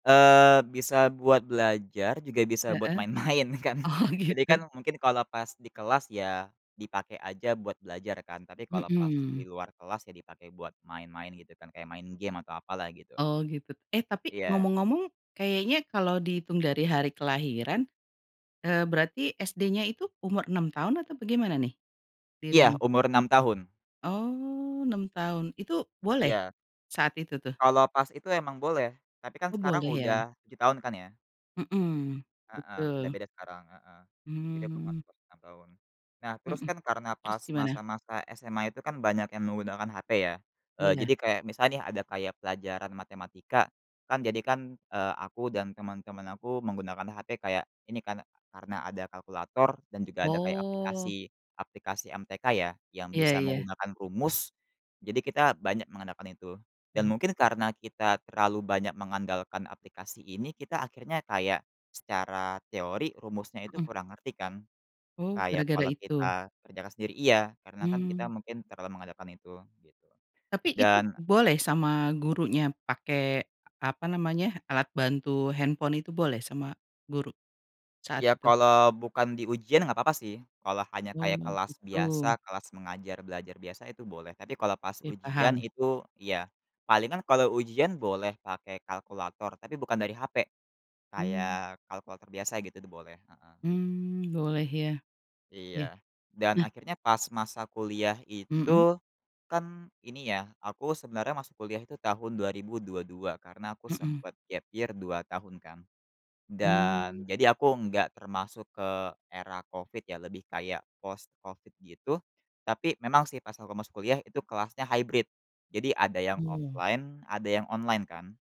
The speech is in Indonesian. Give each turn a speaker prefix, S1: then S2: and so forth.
S1: Eee, bisa buat belajar, juga bisa buat
S2: Heeh.
S1: main-main kan.
S2: Oh,
S1: Jadi,
S2: gitu.
S1: kan mungkin kalau pas di kelas ya, dipakai aja buat belajar kan tapi kalau pas
S2: Mhm.
S1: di luar kelas, ya dipakai buat main-main gitu kan kayak main game atau apalah gitu.
S2: Oh, gitu. Eh tapi
S1: Iya.
S2: ngomong-ngomong kayaknya kalau dihitung dari hari kelahiran, eee, berarti SD-nya itu umur 6 tahun atau bagaimana nih,
S1: Iya,
S2: dirimu?
S1: umur 6 tahun.
S2: Oh, 6 tahun, itu boleh
S1: Iya.
S2: saat itu tuh?
S1: Kalau pas itu emang boleh, tapi kan
S2: Oh,
S1: sekarang
S2: boleh ya?
S1: udah 7 tahun kan ya.
S2: Mhm,
S1: Heeh, udah
S2: betul.
S1: beda sekarang heeh, jadi aku
S2: Mmm.
S1: masuk umur 6 tahun. Nah terus
S2: Mhm,
S1: kan karena
S2: terus
S1: pas,
S2: gimana?
S1: masa-masa SMA itu kan banyak yang menggunakan HP ya, eee,
S2: Iya.
S1: jadi kayak misal nih ada kayak pelajaran matematika kan jadikan, eee, aku dan teman-teman aku menggunakan HP kayak ini kan, karena ada kalkulator dan juga ada kayak
S2: Oh.
S1: aplikasi aplikasi MTK ya, yang
S2: Iya
S1: bisa
S2: iya.
S1: menggunakan rumus. Jadi, kita banyak mengandalkan itu dan
S2: Oh.
S1: mungkin karena kita terlalu banyak mengandalkan aplikasi ini, kita akhirnya kayak secara teori rumusnya itu
S2: Mhm.
S1: kurang ngerti kan.
S2: Oh,
S1: Kayak,
S2: gara-gara
S1: kalau
S2: itu?
S1: kita terjaga sendiri iya, karena kan kita
S2: Mmm.
S1: mungkin terlalu mengandalkan itu, gitu.
S2: Tapi itu
S1: Dan
S2: boleh sama gurunya pakai apa namanya, alat bantu handphone itu boleh sama guru, saat
S1: Ya,
S2: itu?
S1: kalau bukan di ujian enggak papa sih, kalau hanya
S2: Oh,
S1: kayak kelas
S2: gitu.
S1: biasa, kelas mengajar belajar biasa itu boleh. Tapi kalau pas
S2: Ya,
S1: ujian
S2: paham.
S1: itu, ya palingan kalau ujian boleh pakai kalkulator tapi bukan dari HP,
S2: Mmm.
S1: kayak kalkulator biasa gitu boleh, heeh.
S2: Mmm, boleh ya. Iya.
S1: Iya. Dan
S2: Nah
S1: akhirnya pas masa kuliah
S2: Mhm.
S1: itu, kan ini ya, aku sebenarnya masuk kuliah itu tahun 2022 karena aku
S2: Mhm.
S1: sempet gap year 2 tahun kan.
S2: Mmm.
S1: Dan, jadi aku enggak termasuk ke era COVID ya, lebih kayak post COVID gitu tapi memang sih pas aku masuk kuliah itu kelasnya hybrid, jadi ada yang
S2: Mmm.
S1: offline, ada yang online kan.